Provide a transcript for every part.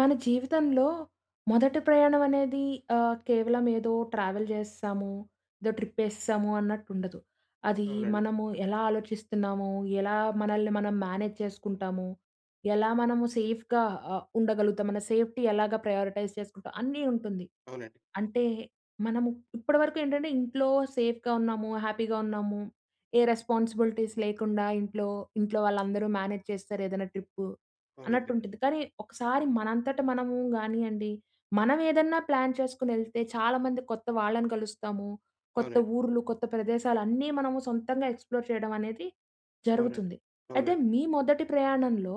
మన జీవితంలో మొదట ప్రయాణం అనేది ఆ! కేవలం ఏదో ట్రావెల్ చేసేసాము, ఏదో ట్రిప్ వేసేసాము అన్నట్టు ఉండదు. అది అవునండి. మనము ఎలా ఆలోచిస్తున్నాము, ఎలా మనల్ని మనం మేనేజ్ చేసుకుంటాము, ఎలా మనము సేఫ్‌గా అ! ఉండగలుగుతాం, మన సేఫ్టీ ఎలాగా ప్రయారిటైజ్ చేసుకుంటాం అన్నీ ఉంటుంది. అవునండి. అంటే మనము ఇప్పటివరకు ఏంటంటే ఇంట్లో సేఫ్‍గా ఉన్నాము, హ్యాపీ‌గా ఉన్నాము, ఏ రెస్పాన్సిబిలిటీస్ లేకుండా ఇంట్లో, ఇంట్లో వాళ్ళందరూ మేనేజ్ చేస్తారు, ఏదైనా ట్రిప్పు అన్నట్టు అవునండి. ఉంటుంది. కానీ ఒకసారి మనంతట మనము గానియ్యండి, మనవేదన్నా ప్లాన్ చేసుకొని వెళ్తే చాలామంది కొత్త వాళ్ళని కలుస్తాము. కొత్త అవునండి. ఊర్లు, కొత్త ప్రదేశాలు అన్నీ మనము సొంతంగా ఎక్స్‌ప్లోర్ చేయడం అనేది అవునండి, జరుగుతుంది. అయితే అవునండి. మీ మొదటి ప్రయాణంలో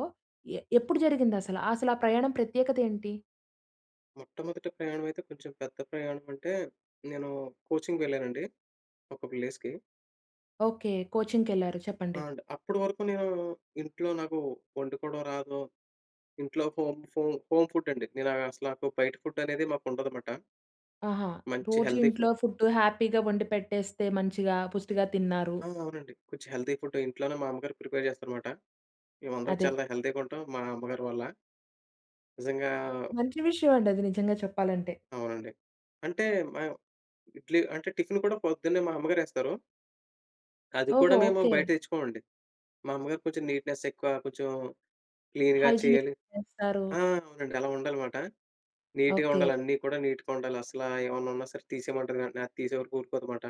ఎ ఎప్పుడు జరిగింది అసల? అసలా ప్రయాణం ప్రత్యేకత ఏంటి? మొట్టమొదటి ప్రయాణం అయితే కొంచెం పెద్ద ప్రయాణం అంటే నేను కోచింగ్‌కి వెళ్ళానండి, ఒక ప్లేస్‌కి. ఓకె. కోచింగ్ కెళ్లారు, అ! చెప్పండి. అండి, అప్పటి వరకు నేను ఇంట్లో నాకు వండుకోవడం రాదు. ఇంట్లో హోమ్ హోమ్ హోమ్ ఫుడ్ అండి. నేను అసల బయట ఫుడ్ అనేది మాకుండదమాట. ఆహా! మంచి రోజు హెల్తీ ఫుడ్. ఇంట్లో ఫుడ్ హ్యాపీగా వండిపెట్టేస్తే మంచిగా పుష్టిగా తిన్నారు. అవునవునండి. కొంచెం హెల్తీ ఫుడ్ ఇంట్లోనే మా అమ్మగారు ప్రిపేర్ చేస్తారనమాట. మేమందరం అదే. చాలా హెల్తీగా ఉంటాం మా అమ్మగారి వల్ల. నిజంగా మంచి విషయం అండి అది, నిజంగా చెప్పాలంటే. అవునండి. అంటే మా ఇడ్లీ అంటే టిఫిన్ కూడా పొద్దున్నే మా అమ్మగారు ఏస్తారు. అది కూడా ఓహో! మేము ఓకె. బయట తెచ్చుకోమండి. మా అమ్మగారు కొంచెం నీట్నెస్ ఎక్కువ. కొంచెం క్లీన్‌గా హైజినిక్ చేయాలి. చేస్తారు. ఆ! అవునండి అలా ఉండాలనమాట. నీట్‌గా ఓకె. ఉండాలి. అన్నీ కూడా నీట్‌గా ఉండాలి. అసల ఏమన్నా ఉన్నా సరే తీసేయమంటారు వెంటనే. అది తీసే వరకు ఊరుకోదు అనమాట.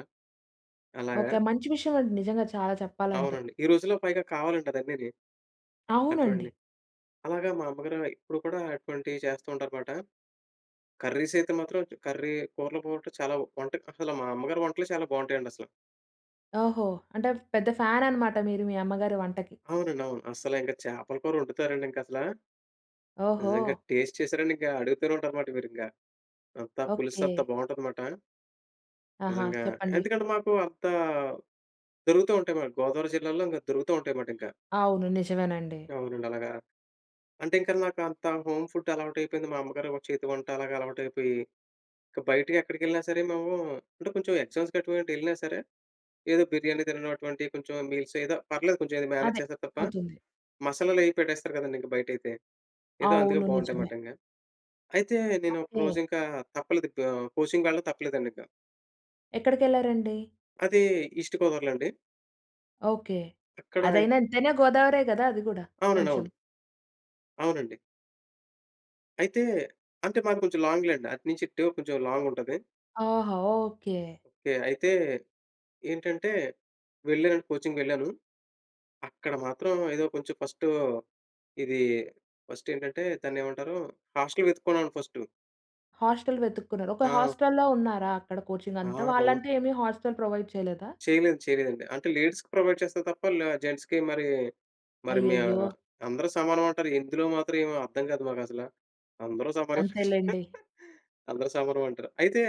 అలాగా ఓకె. మంచి విషయం అండి. నిజంగా చాలా చెప్పాలంటే. అవునండి. ఈ రోజుల్లో పైగా కావాలంటరు అన్నీని. అవునండి. అటువంటి అలాగా మా అమ్మగారు ఇప్పుడు కూడా అటువంటివి చేస్తూ ఉంటారు మాట. కర్రీస్ అయితే మాత్రం కర్రీ కూరల పోట్లు చాలవ్ వంట అసలు మా అమ్మగారి వంటలు చాలా బావుంటాయండి అసల. ఓహో! అంటే పెద్ద ఫ్యాన్ అనమాట మీరు మీ అమ్మగారి వంటకి. అవునండి, అవును. అస్సలు ఇంకా చేపల కూరొండుతారండి. ఇంకా అసలా... ఓహో! నిజంగా టేస్ట్ చేసారంటే ఇంకా అడుగుతూనే ఉంటారన్నమాట, మీరు ఇంకా. అంతా పులుసు అంత ఓకె. బావుంటాది మాట. ఆహా! నిజంగా. చెప్పండి. ఎందుకంటే మాకు అంతా, దొరుకుతూ ఉంటాయి మాట. గోదావరి జిల్లాల్లో ఇంక దొరుకుతూ ఉంటాయి మాట, ఇంక. అవును. నిజమేనండి. అవునండి. అలాగా. అంటే ఇంకా నాకు అంత హోమ్ ఫుడ్ అలవాటు అయిపోయింది. మా అమ్మగారు ఒక చేతి వంట అలాగా అలవాటు అయిపోయి, ఇక బయటకెక్కడికెళ్ళినా సరే, మేము అంటే కొంచెం ఎగ్జామ్స్ గటువంటి ఎళ్ళినా సరే, ఏదో బిర్యానీ తిననటువంటి కొంచెం మీల్స్, ఏదో పర్లేదు కొంచెం అదే, మేనేజ్ చేస్తారు తప్ప, అవుతుంది. మసాలాలు అవి పెట్టేస్తారు కదండీ ఇంక బయటైతే. ఏదో అందుకే అవును, బావుంటాయి నిజమే. మాట ఇంకా. అయితే నేను ఓకె. ఒకరోజు ఇంకా తప్పలేదు. ఆహ్, కోచింగ్ వెళ్ళడం తప్పలేదండి ఇంక. ఎక్కడికెళ్లారండి? అది ఈస్ట్ గోదావరిలో అండి. ఓకె. అక్కడ అదైనా, ఎంతైనా గోదావరే గదా! అది గూడా అవునండి, కొంచెం. అవును. అవునండి. అయితే, అంటే మాది కొంచెం లాంగ్‌లెండి. అటు నుంచి ఇటు కొంచెం లాంగుంటది. ఆహా! ఓకె. ఒకే. అయితే, ఏంటంటే వెళ్ళానండి కోచింగ్‌కి వెళ్ళాను. అక్కడ మాత్రం ఏదో కొంచెం ఫస్టు, ఇది ఫస్టేంటంటే, దాన్ని ఏమంటారు, హాస్టల్ వెతుక్కున్నానండి ఫస్టు. హాస్టల్ వెతుక్కున్నారు. ఒక ఆ! హాస్టల్‌లో ఉన్నారా, అక్కడ కోచింగ్ ఆ అంతా? రొ వాళ్ళంటూ ఏమి హాస్టల్ ప్రొవైడ్ చేయలేదా? చేయలేదు, చేయలేదండి. అంటే లేడీస్‌కి ప్రొవైడ్ చేస్తారు తప్ప ల జెంట్స్‌కి మరి, మరి మీ అయ్యయ్యో! అందరూ సమానం అంటారు, ఇందులో మాత్రం ఏమి అర్థం కాదు, మాకు అసల. అందరూ సమానం అంతేలెండి. అందరూ సమానం అంటారు. అయితే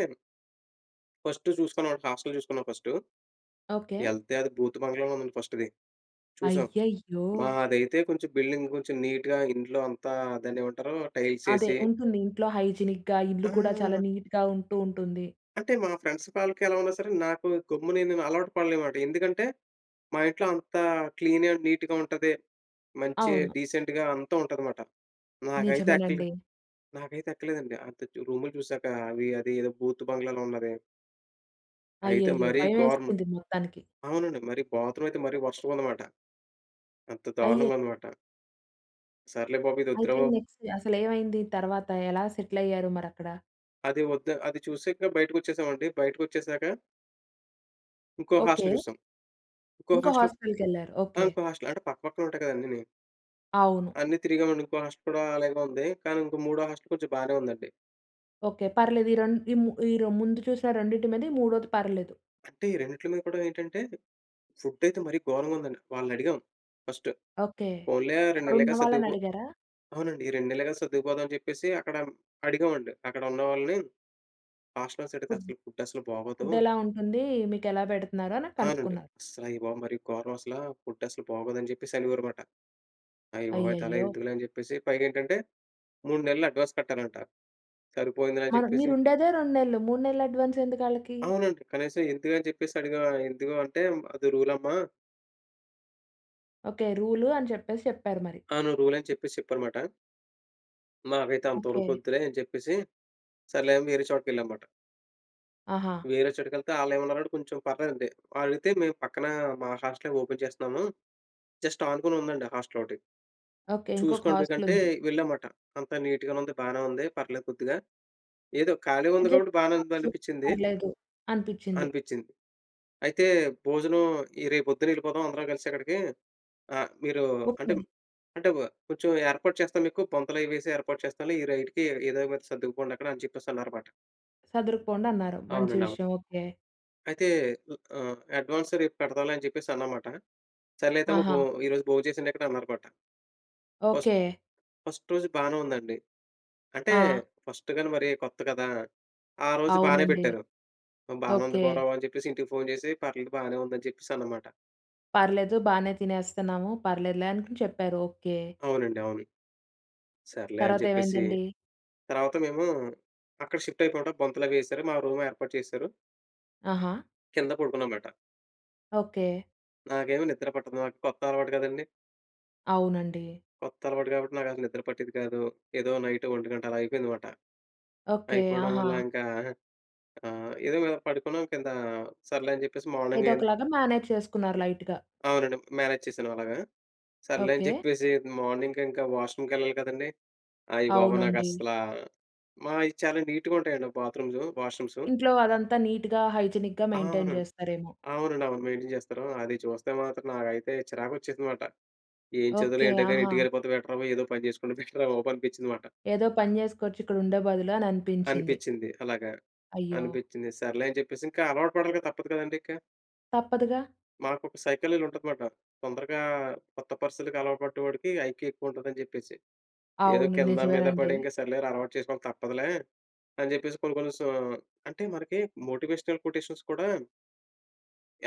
ఫస్టు చూసుకున్నా, హాస్టల్ చూసుకున్నా ఫస్టు. ఓకె. ఎళ్తే అది బూతు బంగ్లలా ఉందది ఫస్ట్‌ది. చూసాం. అయ్యయ్యో! మాదైతే కొంచెం బిల్డింగ్ కొంచెం నీట్‌గా ఇంట్లో అంతా దాన్ని ఏమంటారు టైల్స్ అదే, ఏసి ఉంటుంది. ఇంట్లో హైజీనిక్‌గా ఇల్లు కూడా చాలా ఆ! నీట్‌గా ఉంటూ ఉంటుంది. అంటే, మా ఫ్రెండ్స్ కాళ్ళకి ఎలా ఉన్నా సరే నాకు గమ్మున నేను అలవాటు పడలేనమాట. ఎందుకంటే మా ఇంట్లో అంత క్లీన్ అండ్ నీట్‌గా ఉంటది, మంచి అవును. డీసెంట్‌గా అంతా ఉంటుందమాట. నాకైతే ఎక్కలే నిజమేనండి. నాకైతే ఎక్కలేదండి అంత రూములు చూసాక అవి, అది ఏదో బూత్ బంగ్లాలో ఉన్నది. అయితే అయ్యయ్యో! మరి గోరం, భయమేస్తుంది మొత్తానికి. అవునండి. మరి బాత్రూమ్ అయితే మరి వరస్ట్‌గా ఉందన్నమాట, అంత అయ్యే! దారుణంగా అన్నమాట. సర్లే బాబు, ఇది వద్దురా అయితే బాబు నెక్స్ట్ అసలు ఏమైంది? తర్వాత ఎలా సెటిల్ అయ్యారు మరి అక్కడ? అది వద్దు, అది చూసింకా బయటకి వచ్చేసామండి. బయటకి వచ్చేసాక... ఇంకో హాస్టల్ ఓకె. చూసాం. ఇంకో ఇంకో హాస్టల్. హాస్టల్ కెళ్లారు. ఆ! ఓకె. ఇంకో హాస్టల్, అంటే పక్కపక్కనే ఉంటాయి కదా! అన్నీని. అవును. అన్ని తిరిగామండి. ఇంకో హాస్టల్ కూడా అలాగే ఉంది. కానీ ఇంకో మూడో హోస్టల్ కొంచెం బానే ఉందండి. ఓకె. పర్లేదు. ఈ రెండ్ ఈ ము ఈ ముందు చూసిన, రెండిటి మీద ఈ మూడోది పర్లేదు. అంటే ఈ రెండిట్లలో కూడా ఏంటంటే, ఫుడ్ అయితే మరి గోరంగా ఉందండి. వాళ్ళని అడిగాం ఫస్ట్. ఓకె. పోన్లే 2 అక్కడ నెల్లేగా ఉన్నవాళ్ళని సర్దుకుపో అడిగారా? అవునండి. ఈ 2 నెల్లేగా సర్దుకుపోదాం అని చెప్పేసి అక్కడ అడిగామండి, అక్కడ ఉన్నవాళ్ళని. హాస్ట్లర్స్ ఫుడ్, అడిగితే ఫుడ్ అస్సలు బాగోదు ఫుడ్ ఎలా ఉంటుందీ, మీకు ఎలా పెడుతున్నారు? అని ఆనండి. కనుక్కున్నారు. "అసలు అయ్యా బాబో! మరి గోరం అసలా, ఫుడ్ అస్సలు బాగోదు" అని చెప్పేసి అనేవారనమాట. "అయ్య బాబోయ్! అయితలా అయ్యయ్యో! ఎందుకులే" అని చెప్పేసి పైగా ఏంటంటే, 3 నెలలు అడ్వాన్స్ కట్టాలంట, "సరిపోయిందిలే" అని మన చెప్పేసి మీరు ఉండేదే 2 నెల్లు, 3 నెల్లు అడ్వాన్స్ ఎందుకాళ్ళకి? అవునండి. కనీసం ఎందుకని చెప్పేసి అడిగా, ఎందుకు అంటే అది రూల్ అమ్మా ఓకె, రూలు అని చెప్పేసి, చెప్పారు మరి. అవును. రూల్ అని చెప్పేసి, చెప్పారు మాట. మాకైతే ఓకె. అంతోరుకొద్దులే, అని చెప్పేసి, సర్లే అని వేరే చోటికి వెళ్ళాంమాట. ఆహా! వేరే చోటకి ఎళ్తే, ఆళ్ళు ఏమన్నారంటే, కొంచెం పర్లేదండి. ఆలైతే మేము పక్కన మా హాస్టల్ ఓపెన్ చేస్తున్నాము, జస్ట్ ఆనుకునుందండి హాస్టల్ ఒకటి. ఓకె. ఇంకొక చూసుకోండి హాస్టల్ మీకంటే, ఉంది. వెళ్ళాంమాట. అంతా నీట్‌గానే ఉంది. బానే ఉంది. పర్లేదు కొద్దిగా, ఏదో ఖాళీగా ఉంది అడ్జస్ట్ కాబట్టి, బానే ఉంది కావచ్చు అనిపించింది. పర్లేదు అనిపించింది. అనిపించింది. అయితే భోజనం, ఈ రేపు పొద్దున్న వెళ్ళిపోదాం అందరం కలిసి అక్కడికీ ఆహ్, మీరు ఓకె. అంటే, అంటే కొంచెం ఏర్పాటు చేస్తాం మీకు, బొంతలు అవి వేసి ఏర్పాటు చేస్తాంలే ఈ రైట్‌‌‌కి ఏదో ఒకటి సర్దుకుపోండి అక్కడ అని చెప్పేసి, అన్నారు మాట. సదురుకుపోండి అన్నారు. మంచి అవునండి, అవును. విషయం. ఓకె. అయితే, వు అ అడ్వాన్స్ రేపు కడతాలే అని చెప్పేసి అన్నామాట. "సర్లే, అయితమ్మ బొ ఆహా! ఈరోజు భోం చేసేయండి ఇక్కడ" అన్నారు మాట. First, okay. ఫస్ట్ రోజు బానే ఉందండి. అంటే, ఆ! ఫస్ట్‌గని మరి కొత్త కదా! ఆ రోజు బానే అవునండి, పెట్టారు. బానే ఉంది ఓకె. గౌరవం అని చెప్పేసి, ఇంటికి ఫోన్ చేసి, పర్లేదు బానే ఉంది, అని చెప్పేసి అనమాట. పర్లేదు బానే తినేస్తున్నాము, పర్లేదు‌లే అనుకుని చెప్పారు. ఓకె. అవునండి. అవును. సర్లే అని తర్వాత చెప్పేసి, ఏమైందండి? తర్వాత మేము అక్కడ షిఫ్ట్ అయిపోవడం, బొంతలు అవి ఏసారు. మా రూమ్ ఏర్పాటు చేసారు. ఆహా! కింద పడుకున్నామాట. ఓకె. నాకేమి నిద్ర పట్టదు. నాకు కొత్త అలవాటు కదండీ! అవునండి. కొత్త అలవాటు. కాబట్టి, నాకు అసలు నిద్ర పట్టేది కాదు. ఏదో నైట్ 1 గంట అలా అయిపోయేది మాట. ఓకె. అయిపోవడం ఆహా! వల్ల ఇంకా ఆహ్, ఏదో పడుకున్నాం కింద. సర్లే అని చెప్పేసి, మార్నింగ్ అయి ఏదొకలాగా మేనేజ్ చేసుకున్నారు లైట్‌గా. అవునండి. మేనేజ్ చేశాను అలాగా. సర్లే అని ఓకె. చెప్పేసి, మార్నింగ్ ఇంకా వాష్రూమ్ కెళ్ళాలి కదండీ! అయ్య బాబో! అవునండి. నాకస్సలా, మాయి చాలా నీట్‌గా ఉంటాయండి. Bathrooms, washrooms. ఇంట్లో అదంతా నీట్‌గా, హైజినిక్‌గా, ఆ! మెయింటైన్ అవునండి. చేస్తారేమో. అవునండి, అవును. మెయింటైన్ చేస్తారు. అది చూస్తే మాత్రం నాకైతే, చిరాకు వచ్చేసిందిమాట. ఏం చదువులే ఓకె. ఏంటో కానీ, ఆహా! ఇంటికెళ్ళిపోతే, బెటర్‌ బాబు, ఏదో పని చేసుకుంటే బెటర్ రా బాబు! అనిపించింది మాట. ఏదో పని చేసుకోవచ్చు, ఇక్కడ ఉండే బదులు అని అనిపించింది. అనిపించింది. అలాగా, అయ్యో! అనిపించింది. సర్లే అని చెప్పేసి, ఇంకా అలవాటు పడాలిగా, తప్పదు కదండీ! ఇంకా. తప్పదుగా! మాకు ఒక సైకులర్ ఉంటది మాట. తొందరగా కొత్త పరిస్తితికి అలవాటు పడ్డ వాడికి ఐక్యూ ఎక్కువ ఉంటది, అని చెప్పేసి. ఏదో అవును, కింద మీద నిజమేనండి. పడి, ఇంకా సర్లేరా అలవాటు చేసుకోవాలి. తప్పదులే! అని చెప్పేసి, కొన్ని, కొన్ని సొ అంటే, మనకి మోటివేషనల్ కోటేషన్స్ కూడా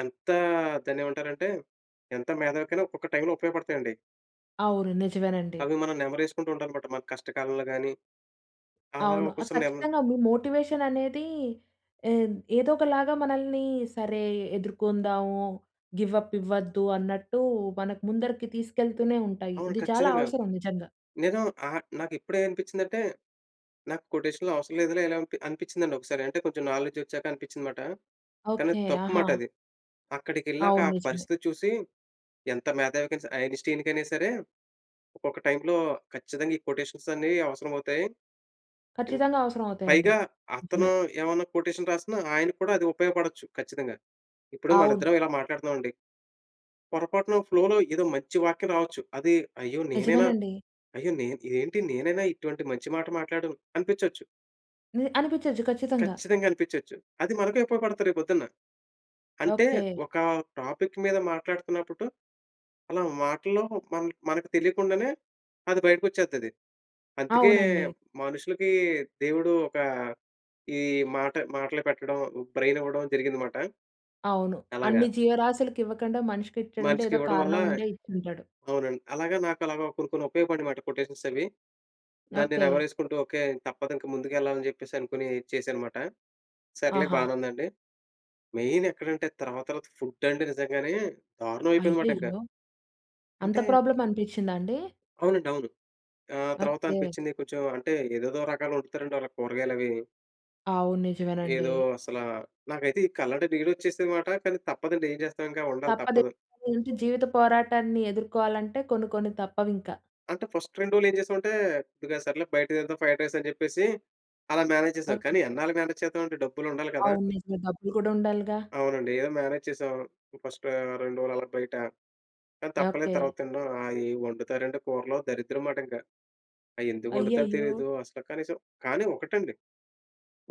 ఎంతా దాన్ని ఏమంటారంటే, ఎంత మేధావికైనా ఒక్కొక్క టైమ్‌లో ఉపయోగపడతాయండి. అవును. నిజమేనండి. అవి మనం నెమరు వేసుకుంటూ ఉండాల మాట. మన కష్టకాలంలో గాని, అలాగా అవును. ఒక్కో ఆహ్, సారి నెమ కచ్చితంగా మీ మోటివేషన్ అనేది ఎ ఏదో ఒకలాగా మనల్ని, సరే ఎదుర్కొందాము గివ్ అప్ ఇవ్వద్దు, అన్నట్టు, మనకు ముందరికి తీసుకెళ్తూనే ఉంటాయి. అవును ఇది చాలా కచ్చితంగా. అవసరం నిజంగా. నేను ఆహ్, నాకు ఇప్పుడే అనిపించిందంటే నాకు కొటేషన్‌లు అవసరం లేదులే! ఇలాంపి అనిపించిందండి ఒకసారి. అంటే కొంచెం నాలెడ్జ్ వచ్చాక అనిపించింది మాట. కానీ అది ఓకె. తప్పు ఆహా! మాట అది. అక్కడికి ఎళ్ళాక అవును, ఆ నిజమే. పరిస్థితి చూసి, ఎంత మేధావికయినా సరే! ఐన్ స్టీన్ కైనా సరే! ఒక్కొక్క టైమ్‌లో కచ్చితంగా ఈ కొటేషన్స్ అన్నీ అవసరం అవుతాయి. ఇం కచ్చితంగా! అవసరం అవుతాయండి. పైగా అతను నిజమే. ఏమన్నా కొటేషన్ రాస్తున్నా, ఆయనకి కూడా అది ఉపయోగపడొచ్చు, కచ్చితంగా. ఇప్పుడు మన అవును. ఇద్దరం ఇలా మాట్లాడుతున్నామండి. పొరపాటున ఫ్లోలో ఏదో మంచి వాక్యం రావొచ్చు. అది అయ్యో! నేనేనా? నిజమేనండి. అయ్యో! నే ఏంటి నేనేనా ఇటువంటి మంచి మాట మాట్లాడాను? అనిపించొచ్చు. హ్మ్, అనిపించొచ్చు కచ్చితంగా. కచ్చితంగా అనిపించొచ్చు. అది మనకే ఉపయోగపడత రేపొద్దున్న. అంటే ఓకె. ఒక టాపిక్ మీద మాట్లాడుతున్నప్పుడు, అలా మాటలో మన్ మనకు తెలియకుండానే అది బయటకి వచ్చేద్దది. అందుకే అవునండి. మనుషులకి దేవుడు ఒక ఈ మాట మాటలు పెట్టడం బ్రెయిన్ ఇవ్వడం జరిగింది మాట. అవును. అలాగా... అన్ని జీవరాశులకి ఇవ్వకండా, మనిషికే ఇచ్చాడంటే మనిషికి ఏదో ఇవ్వడం వల్ల కారణం ఉండే ఇచ్చుంటాడు. అవునండి. అలాగా నాకు అలాగా కొన్ని కొన్ని ఉపయోగపడినమాట కొటేషన్స్ అవి. దాన్ని నెమరు ఓకె. వేసుకుంటూ, "ఓకె! తప్పదు ఇంకా ముందుకు వెళ్ళాలని" చెప్పేసి అనుకోని చేశాను మాట. సర్లే! ఆహా! బానే ఉందండి. మెయిన్ ఎక్కడంటే, తర్వాత తర్వాత ఫుడ్ అండీ, నిజంగానే దారుణం అయిపోయింది మాట ఇంకా. అయ్యయ్యో! అంత అంటే ప్రాబ్లమ్ అనిపించిందా అండి? అవునండి, అవును. ఆహ్, తర్వాత ఓకె. అనిపించింది కొంచెం అంటే, ఏదేదో రకాలు వండుతారండి, వాళ్ళు కూరగాయలు అవి. అవును, ఏదో, నిజమేనండి. అసల నాకైతే ఈ కళ్ళంట నీళ్ళొచ్చేసింది మాట. కానీ తప్పదండి, ఏం చేస్తాం? ఇంక ఉండాలి, తప్పదు, తప్పదు. జీవిత పోరాటాన్ని ఎదుర్కోవాలంటే కొన్ని కొన్ని తప్పవు ఇంక. అంటే ఫస్ట్ 2 రోజులు ఏం చేసామంటే, "సర్లే బయట తిందాం ఫ్రైడ్ రైస్" అని చెప్పేసి, అలా మేనేజ్ చేసాం. ఓకే. కానీ ఎన్నాళ్ళు, మేనేజ్ చేద్దామంటే డబ్బులు ఉండాలి కదా! అవును, నిజమే. డబ్బులు కూడా ఉండాలిగా. అవునండి ఏదో మేనేజ్ చేసాం ఫస్ట్ 2 రోజులు అలా బయట, కానీ తప్పలేదు ఓకే. తర్వాత తినడం. ఆ, ఏం వండుతారండి కూరలు దరిద్రం మాట ఇంక. అయి ఎందుకు వండుతారో అయ్యయ్యో! తెలీదు, అసలు కనీసం కానీ ఒకటండి,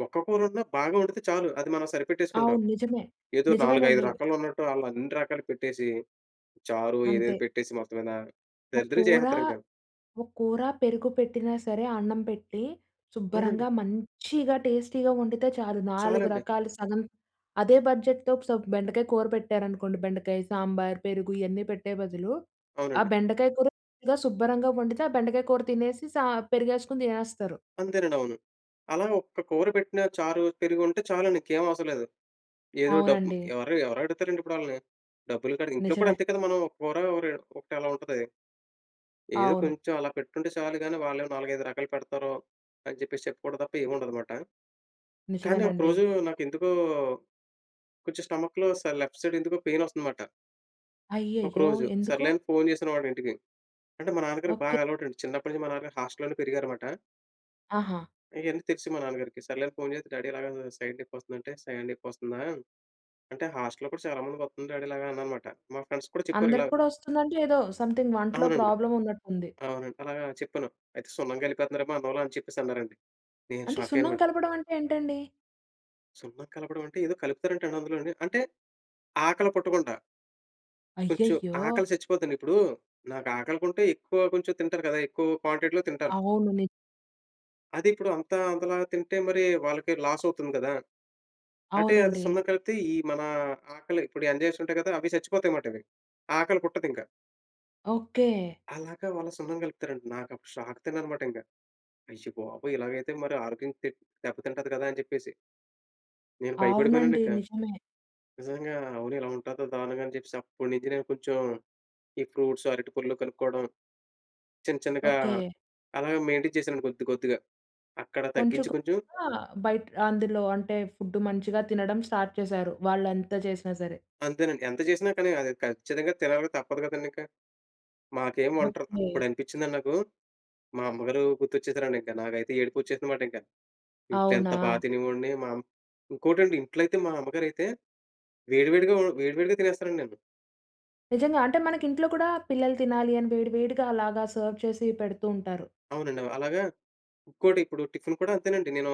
ఒక్క కూర ఉన్న, బాగా వండితే చాలు. అది మనం సరిపెట్టేసుకుంటాం. అవును, నిజమే, ఏదో 4, 5 నిజమేనండి. రకాలున్నట్టు, ఆళ్ళు అన్ని రకాలు పెట్టేసి, చారు ఏదేదో అంతే. పెట్టేసి మొత్తం మీద, ఒక దరిద్రం కూర, చేసేస్తారు ఇంక. ఒక కూర పెరుగు పెట్టినా సరే, అన్నం పెట్టి అవునండి. శుభ్రంగా మంచిగా టేస్టీగా వండితే చాలు. 4 చాలండి. రకాలు సగం అదే బడ్జెట్‌తో, బెండకాయ కూర పెట్టారనుకోండి. బెండకాయ, సాంబార్, పెరుగు ఇవన్నీ పెట్టే బదులు, ఆ అవునండి. బెండకాయ కూర శుభ్రంగా వండితే, ఆ బెండకాయ కూర తినేసి సా పెరిగేసుకొని తినేస్తారు. అంతేనండి, అవును. అలా ఒక్క కూర పెట్టినా, చారు పెరుగు ఉంటే చాలండి. ఇంకేం అవసరం లేదు. ఏదో డబ్బు, అవునండి. ఎవరు ఎవరడుగుతారండి ఇప్పుడు ఆళ్ళని, డబ్బులు కాడ. ఇంట్లో కూడా నిజమే. అంతే కదా మనం, ఒక కూర ఒరే ఒకటి అలా ఉంటది. అది ఏదో అవును. కొంచెం అలా పెట్టుంటే చాలు గాని, వాళ్ళేమో 4, 5 రకాలు పెడతారు, అని చెప్పేసి చెప్పుకోవడం తప్ప ఏముండదు మాట. కానీ ఒక నిజమేనండి. రోజు నాకు ఎందుకో, కొంచెం స్టమక్‌లో లెఫ్ట్ సైడ్ ఎందుకో పెయినొస్తంది మాట. అయ్యయ్యో! ఒకరోజు, ఎందుకు? సర్లే అని ఫోన్ చేశానమాట ఇంటికి. అంటే, మా నాన్నగారికి ఓకె. బాగా అలవాటండి. చిన్నప్పటి నుంచి మా నాన్నగారు హాస్టల్‌లోనే పెరిగారుమాట. ఆహా! ఇయన్నీ తెలిసి మా నాన్నగారికి. సర్లేని ఫోన్ చేసి డ్యాడీ ఇలాగా సైడ్ నెప్పొస్తుందంటే, "సైడ్ నొప్పొస్తుందా?"అంటే హాస్టల్‌లో కూడా చాలా మంది కొత్తుంది డ్యాడీ ఇలాగా అన్నానుమాట. మా ఫ్రెండ్స్‌కు కూడా చెప్పారు ఇలా అందరికి కూడా వస్తుందంటే, ఏదో సంథింగ్ వంటలో అవునండి. ప్రాబ్లం ఉన్నట్టుంది. అవునండి. అలాగా చెప్పాను. "అయితే సున్నం గలిపేత్తన్నారమో అన్నంలో" అని చెప్పేసన్నారండి. నేను అంటే, షాక్ సున్నం అయ్యానుమాట. కలపడం అంటే ఏంటండి? సున్నం కలపడం అంటే, ఏదో కలుపుతారంటండి అందులోనే. అంటే, ఆకలి పుట్టకుండా. కొంచెం అయ్యయ్యో! ఆకలి సచ్చిపోద్దండి. ఇప్పుడు నాకు ఆకలిగుంటే ఎక్కువ కొంచెం తింటరు కదా! ఎక్కువ క్వాంటిటీలో తింటారు. అవును. ని అదిప్పుడు అంతా అంతలా తింటే మరి, వాళ్ళకి లాస్ అవుతుంది కదా! అంటే అది అవునండి. సున్నం కలిపితే ఈ మన ఆకలి ఇప్పుడు ఎంజైమ్స్ ఉంటాయి కదా! అవి సచ్చిపోతాయి మాటవి. ఆకలి పుట్టదింక. ఓకె. అలాగా వాళ్ళ సున్నం కలుపుతారంట. నాకప్పుడు షాక్ తిన్నానుమాటింక. అయ్య బాబోయ్! ఇలాగైతే మరి ఆరోగ్యం టిప్ దెబ్బ తింటది కదా! అని చెప్పేసి. నేను అవునండి. బయపడిపోయానండింకా. నిజమే. నిజంగా. అవును ఇలా ఉంటాదా దారుణంగా అని చెప్పేసి, అప్పుడి నుంచి నేను కొంచెం, ఈ ఫ్రూట్స్, అరటి పళ్ళు కనుక్కోడం. చిన్న, చిన్నగా ఓకె. అలాగా మెయింటెన్ చేశానండి కొద్ది, కొద్దిగా. అక్కడ తగ్గించి కొంచెకొ కొంచెం గా బయట్ అందులో అంటే, ఫుడ్ మంచిగా తినడం స్టార్ట్ చేసారు. వాళ్లంత చేసినా సరే. అంతేనండి. ఎంత చేసినా కానీ, అది ఖచ్చితంగా తినాలి, తప్పదు కదండింక. మాకేం వంటరా ఓకె. అప్పుడు అనిపించిందండి నాకు, మా అమ్మగారు గుర్తొచ్చేసారండింక. నాకైతే ఏడుపొచ్చేసిందిమాటింక. ఇంట్లో ఎంత బాగా అవునా? తినేవోణ్ణి. మాం ఇంకోటండి, ఇంట్లో అయితే, మా అమ్మగారైతే, వేడివేడిగా వొ వేడి వేడిగా తినేస్తానండి నేను. నిజంగా! అంటే, మనకి ఇంట్లో కూడా పిల్లలు తినాలి, అని వేడివేడిగా అలాగా సర్వ్ చేసి, పెడుతూ ఉంటారు. అవునండి. అలాగా, ఇంకోటి ఇప్పుడు టిఫిన్ కూడా అంతేనండి. నేను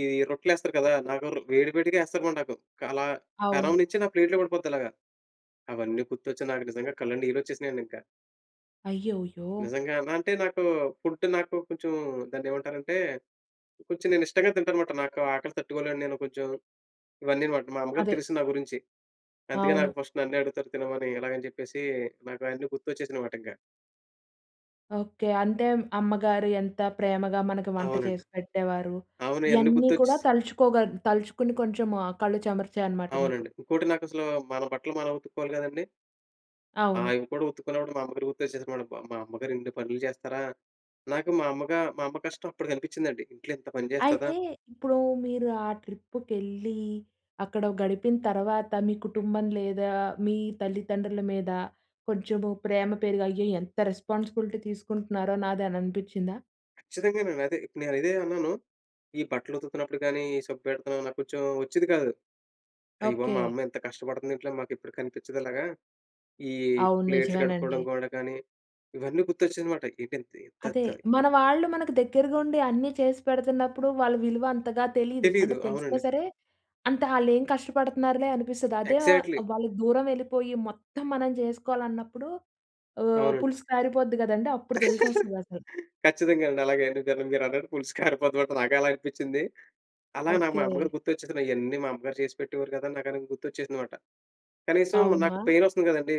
ఈ రొట్టెలేస్తారు కదా! నాగర్ వేడి వేడిగా వేస్తారు మాట, నాకు. అలా పెనం అవును. నించి, నా ప్లేట్‌లో పడిపోద్ది. అలాగా, అవన్నీ గుర్తొచ్చి, నాకు నిజంగా కళ్ళండి, నీళ్ళు వచ్చేసినాయండి ఇంక. అయ్యోయ్యో! నిజంగాన. అంటే, నాకు ఫుడ్, నాకు కొంచెం, దాన్ని ఏమంటారంటే, కొంచెం నేను ఇష్టంగా తింటాను మాట. నాకు ఆకలి తట్టుకోలేను. నేను కొంచెం, ఇవన్నీ మాట. మా అమ్మగారికి అదే. తెలుసు, నా గురించి. అందుకే నాకు, అవును. ఫస్ట్ నన్నే అడుగుతారు. తినమని ఇలాగ అని చెప్పేసి, నాకన్నీ గుర్తొచ్చేసినిమాట ఇంక. ఓకె. అంటే, అమ్మగారి ఎంత ప్రేమగా, మనకు వంట అవునండి. చేసి పెట్టేవారు. అవును, అన్ని ఇయాన్నీ కూడా గుర్తొచ్చస్ తలుచుకోగా తలుచుకుని కొంచెం కళ్ళు చమర్చాయి, అనమాట మీకు. అవునండి. ఇంకోటి నాకు అసలు, మన బట్టలు మనం ఉతుక్కోవాలి కదండీ! ఆ! అవును. అవి కూడా ఉతుకున్నపుడు, మా అమ్మగారు గుర్తుచ్చేసి మాట. మా అమ్మగారు ఇన్ని పనులు చేస్తారా? నాకు మా అమ్మగా, మా అమ్మ కష్టం అప్పుడు కనిపించిందండి. ఇంట్లో ఇంత పని చేస్తదా? అయితే ఇప్పుడు, మీరు ఆ ట్రిప్పుకెళ్ళీ, అక్కడ గడిపిన తర్వాత, మీ కుటుంబం లేదా మీ తల్లిదండ్రుల మీద, కొంచెము ప్రేమ పెరిగి, "అయ్యో! ఎంత రెస్పాన్సిబిలిటీ తీసుకుంటున్నారో! నాది," అని అనిపించిందా? ఖచ్చితంగానండి అదే. నేను ఇదే అన్నాను. ఈ బట్టలు ఉతుకుతున్నప్పుడు కానీ, సబ్బెడతం నాకు కొంచెం వచ్చేది కాదు. అయ్య బాబోయ్! మా ఓకె. అమ్మ ఎంత కష్టపడుతుంది. ఇంట్లో మాకు ఎప్పుడు కనిపించదు అలాగా. ఈ అవును, ప్లేట్లు కడుక్కోవడం నిజమేనండి. కూడా కానీ, ఇవన్నీ గుర్తొచ్చింది అన్నమాట. ఇదేంటి త అదే. తయి మన వాళ్ళు మనకి దగ్గరగా ఉండి అన్నీ చేసి పెడుతున్నప్పుడు వాళ్ళ విలువ అంతగా తెలీదు. తెలీదు. అంటే తెలిసినా అవునండి. సరే, అంత ఆళ్ళేం కష్టపడుతున్నారులే, అనిపిస్తుంది. అదే వ ఎగ్జాక్ట్‌లీ. వాళ్ళు దూరం వెళ్ళిపోయి, మొత్తం మనం చేసుకోవాలన్నప్పుడు హ్మ్. అవునండి. పులుసు కారిపోద్ది కదండీ! అప్పుడు తెలిసొస్తది అసలు. ఖచ్చితంగా అండి. అలాగే అండి. దెబ్బకి మీరు అన్నట్టు పులుసు కారిపోతాం అంటే నాకు అలాగే అనిపించింది. అలా నాకు మా ఓకె. అమ్మగారు గుర్తొచ్చేసింది. ఇయన్నీ మా అమ్మగారు చేసిపెట్టేవారు కదా! నాకు అది గుర్తొచ్చేసిందిమాట. కనీసం నాకు అవునా! పెయిన్ వస్తుంది కదండీ.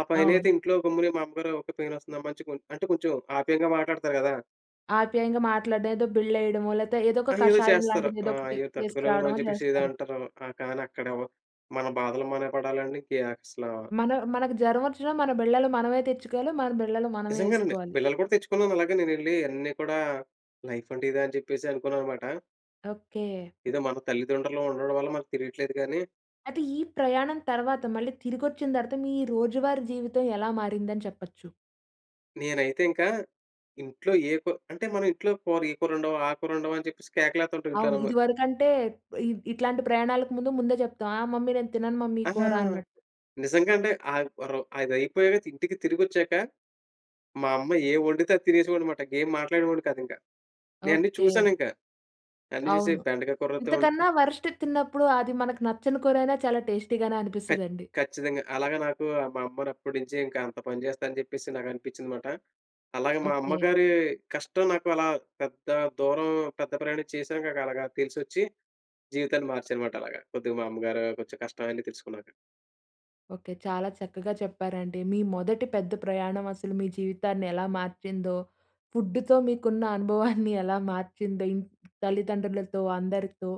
ఆ పైన అవును. అయితే ఇంట్లో గమ్మునే, మా అమ్మగారు ఒక, "పెయిన్ వస్తుందమ్మా" అని చె అంటే, కొంచెం ఆప్యాయంగా మాట్లాడుతారు కదా! ఆప్యాయంగా మాట్లాడడం, ఏదో బిళ్ళ వేయడమో, లేకపోతే ఏదో ఒక అయ్యోవొ కషాయం చేస్తారు. లాంటిది, ఆ! ఏదో ఒకటి "అయ్యో! తట్టుకోలేవు రా" అని తీసుకురావడమో చెప్పేసి ఏదో చేస్తారు. అంటరు. ఆహ్, కానీ అక్కడ మన బాధలు మనమే పడాలండి. కే అసలు. మన మనకు జ్వరం వచ్చినా, మన బిళ్ళలు మనమే తెచ్చుకోవాలి. మన బిళ్ళలు మనమే నిజంగానండి. వేసుకోవాలి. బిళ్ళలు కూడా తెచ్చుకున్నాను అలాగే నేను ఎళ్లి అన్నీ కూడా. లైఫ్ అంటే ఇదా! అని చెప్పేసి అనుకున్నానుమాట. ఓకె. ఏదో మన తల్లిదండ్రులు ఉండడం వల్ల, మనకి తెలియట్లేదు గాని అయితే ఈ ప్రయాణం తర్వాత, మళ్ళీ తిరిగొచ్చిన తర్వాత, మీ రోజువారీ జీవితం ఎలా మారిందని చెప్పొచ్చు? నేనైతే ఇంకా, ఇంట్లో ఏ కు అంటే మనం ఇంట్లో కూర, "ఈ కూరొండవా, ఆ కూరొండవా?" అని చెప్పేసి కేకలేతుంటాం అవును. ఇంట్లోనేమో ఇదివరకంటే, ఇ ఇట్లాంటి ప్రయాణాలకు ముందు ముందే చెప్తాం. "ఆ మమ్మీ నేను తినను మమ్మీ అహ! కూర" అన్నట్టు. నిజంగా అంటే, ఆహ్, వర్ అది అయిపోయాక ఇంటికి తిరిగొచ్చాక. మా అమ్మ ఏం వండితే అది తినేసేవాడిని అనమాట. ఇగేం మాట్లాడేవాడిని కాదింక. నేఅన్ని ఓకె. చూశానింకా, అన్ని చూసి అవును. బెండకాయ కూరతో ఇంతకన్నా ‌వరస్ట్‌ది తిన్నప్పుడు, అది మనకు నచ్చని కూరైనా చాలా టేస్టీగానే ఖ అనిపిస్తదండి. ఖచ్చితంగా. అలాగ నాకు మా అమ్మనప్పటినుంచి ఇంకా అంత పని చేస్తా అని చెప్పేసి నాకు అనిపించింది మాట. అలాగే మా ఓకె. అమ్మగారి కష్టం నాకు అలా పెద్ద దూరం, పెద్ద ప్రయాణం చేశాను గాక. అలాగ తెలిసొచ్చి, జీవితాన్ని మార్చాననమాట అలాగ. కొద్దిగా మా అమ్మగారు, కొంచెం కష్టం అన్నీ తెలుసుకున్నాక. ఓకె. చాలా చక్కగా చెప్పారండి. మీ మొదటి పెద్ద ప్రయాణం అసలు మీ జీవితాన్ని ఎలా మార్చిందో, ఫుడ్డుతో మీకున్న అనుభవాన్ని ఎలా మార్చిందో, ఇన్ తల్లిదండ్రులతో, అందరితో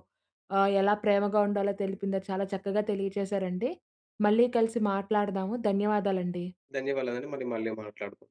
ఆహ్, ఎలా ప్రేమగా ఉండాలో తెలిపింది. చాలా చక్కగా తెలియజేశారండి. మళ్ళీ కలిసి, మాట్లాడదాము. ధన్యవాదాలండి. ధన్యవాదాలండి. మళ్ళీ మళ్ళీ మాట్లాడుకుం